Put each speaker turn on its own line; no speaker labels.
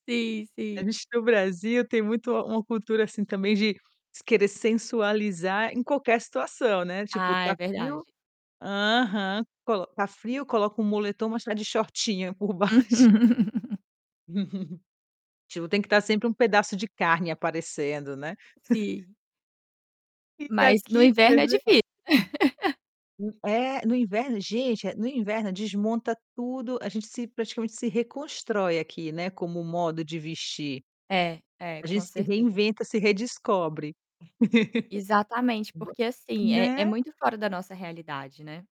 Sim,
A
sim.
gente no Brasil tem muito uma cultura, assim, também, de querer sensualizar em qualquer situação, né, tipo,
Ah, é
tá frio
verdade.
aham. Colo tá frio, coloca um moletom, mas está de shortinho por baixo. Tipo, tem que estar sempre um pedaço de carne aparecendo, né.
Sim.
E
Mas, no
aqui
inverno
pois
é
é.
difícil.
Hum. É, no inverno gente, no inverno desmonta tudo, a gente se praticamente se reconstrói aqui, né, com o modo de vestir.
É. É,
A gente
com
se
certeza.
reinventa, se redescobre.
Exatamente.
[unintelligible]
Porque, assim, é é
Né.
muito fora da nossa realidade, né.